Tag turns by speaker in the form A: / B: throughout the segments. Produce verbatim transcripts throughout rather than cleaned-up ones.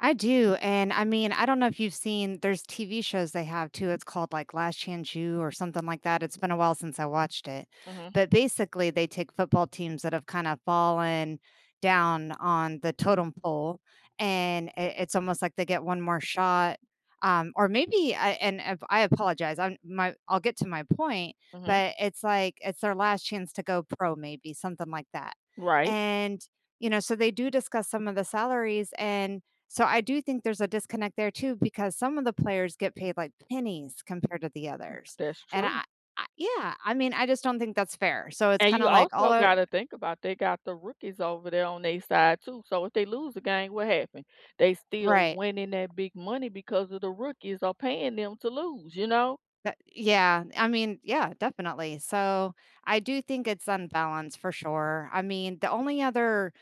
A: I do, and I mean, I don't know if you've seen, there's TV shows they have too, it's called, like, Last Chance U, or something like that, it's been a while since I watched it.
B: Mhm.
A: But, basically, they take football teams that have kinda fallen down on the totem pole, and i it's almost like they get one more shot, um, or maybe, I and if I apologize, I'm my I'll get to my point,
B: Mhm.
A: but it's like, it's their last chance to go pro, maybe, something like that,
B: Right.
A: and, you know, so they do discuss some of the salaries, and so I do think there's a disconnect there too, because some of the players get paid, like, pennies compared to the others,
B: That's
A: and
B: true.
A: I I Yeah, I mean, I just don't think that's fair, so, it's
B: And you
A: kinda, like, all
B: also
A: are
B: gotta think about they got the rookies over there on their side too, so if they lose the game, what happened? They still
A: Right.
B: winning that big money because of the rookies are paying them to lose, you know?
A: That yeah. I mean, yeah, definitely, so, I do think it's unbalanced, for sure. I mean, the only other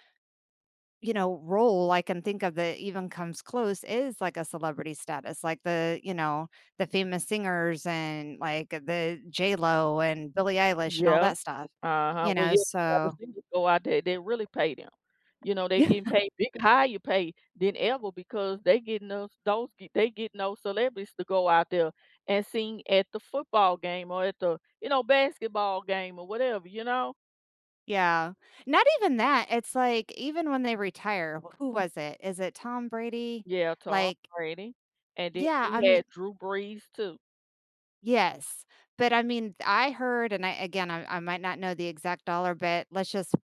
A: you know, role I can think of that even comes close is, like, a celebrity status, like, the you know, the famous singers, and like, uh, the J.Lo, and Billie Eilish, and all
B: Yeah,
A: that stuff,
B: uh-huh.
A: you
B: Well,
A: know,
B: [unintelligible] have the
A: so
B: singers go out there and then really pay them. You know, they
A: Yeah.
B: getting paid big higher pay than ever because they getting those those g they getting those celebrities to go out there and sing at the football game or at the, you know, basketball game or whatever, you know?
A: Yeah. Not even that, it's like, even when they retire who was it? Is it Tom Brady?
B: Yeah, Tom
A: Like
B: Brady, and then
A: Yeah, I
B: we
A: mean
B: had Drew Brees, too.
A: Yes, but, I mean, th I heard, and I again, I I might not know the exact dollar, but let's just,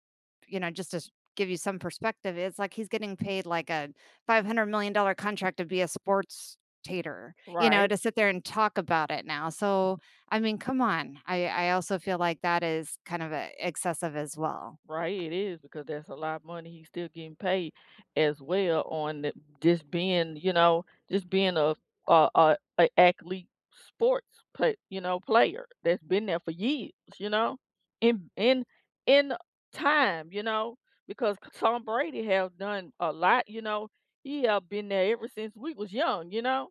A: you know, just to s give you some perspective, it's like he's getting paid, like, a five-hundred-million-dollar contract to be a sports-tator, you know,
B: Right.
A: to sit there and talk about it now, so, I mean, come on, I I also feel like that is kind of a excessive as well.
B: Right, it is because that's a lotta money he's still getting paid as well on the just being, you know, just being a a a a athlete sports, but, you know, player that's been there for years, you know? In in in a time, you know, because c Tom Brady have done a lot, you know? He have been there ever since we was young, you know?